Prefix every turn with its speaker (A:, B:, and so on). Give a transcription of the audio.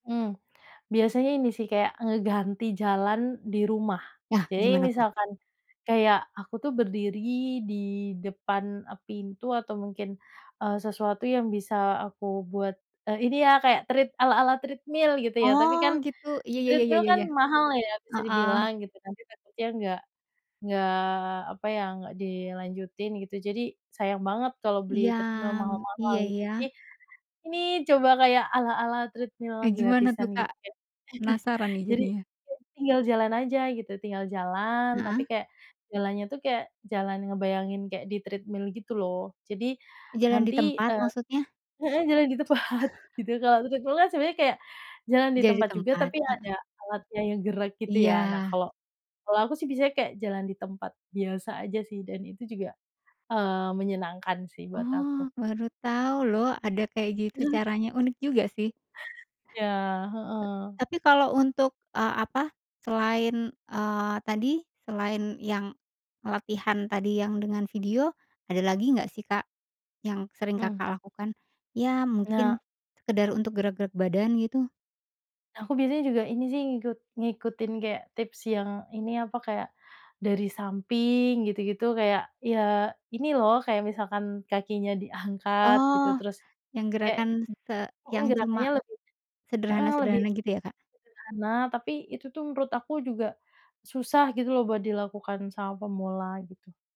A: Hmm, biasanya ini sih, kayak ngeganti jalan di rumah.
B: Nah,
A: Jadi
B: gimana, tuh?
A: misalkan kayak aku tuh berdiri di depan pintu atau mungkin, eee, sesuatu yang bisa aku buat, eee, ini ya kaya tread ala-ala treadmill gitu ya, tapi
B: Oh,
A: kan
B: gitu, iya ya ya
A: treadmill
B: ya
A: kan
B: ya,
A: mahal ya, bisa
B: heeh.
A: dibilang gitu kan. Nanti takutnya nggak nggak apa ya, nggak dilanjutin gitu, jadi sayang banget kalau beli
B: Iya.
A: treadmill mahal-mahal
B: Iya,
A: gitu,
B: ya.
A: jadi ini coba kayak ala-ala treadmill
B: Kayak gimana tuh,
A: gratisan gitu
B: Kak?
A: kayak
B: Penasaran nih,
A: Jadi,
B: jadinya.
A: tinggal jalan aja gitu, tinggal jalan, tapi
B: Heeh.
A: kaya jalannya tuh kayak jalan ngebayangin kaya di treadmill, gitu loh. Jadi
B: Jalan di
A: nanti,
B: tempat
A: eee,
B: maksudnya?
A: heeh, jalan di tempat gitu, kalau treadmill kan sebenarnya kayak jalan di
B: Jalan di
A: tempat juga,
B: tempat?
A: tapi
B: Heeh.
A: ada alatnya yang gerak, gitu ya. Nah,
B: Iya.
A: kalau kalau aku sih biasanya kayak jalan di tempat biasa aja sih, dan itu juga, eee, menyenangkan sih buat aku.
B: Oh, baru tahu loh, ada kayak gitu caranya, unik juga sih.
A: Iya, heeh.
B: Tapi kalau untuk, eee, ap,a selain, eee, tadi, selain yang latihan tadi yang dengan video, ada lagi nggak sih, Kak, yang sering
A: Mhm.
B: Kakak lakukan? Ya,
A: Nah
B: mungkin sekedar untuk gerak-gerak badan, gitu?
A: Nah, aku biasanya juga ini sih ngikut ngikutin kayak tips yang ini, apa, kayak dari samping gitu-gitu, kayak ya, ini loh, kayak misalkan kakinya diangkat gitu,
B: Oh,
A: terus
B: yang
A: kayak
B: gerakan se
A: mhm,
B: yang
A: gerakannya
B: cuma
A: lebih heeh, lebih
B: sederhana-sederhana gitu ya, Kak?
A: sederhana tapi itu tuh menurut aku juga susah gitu loh, buat dilakukan sama pemula, gitu.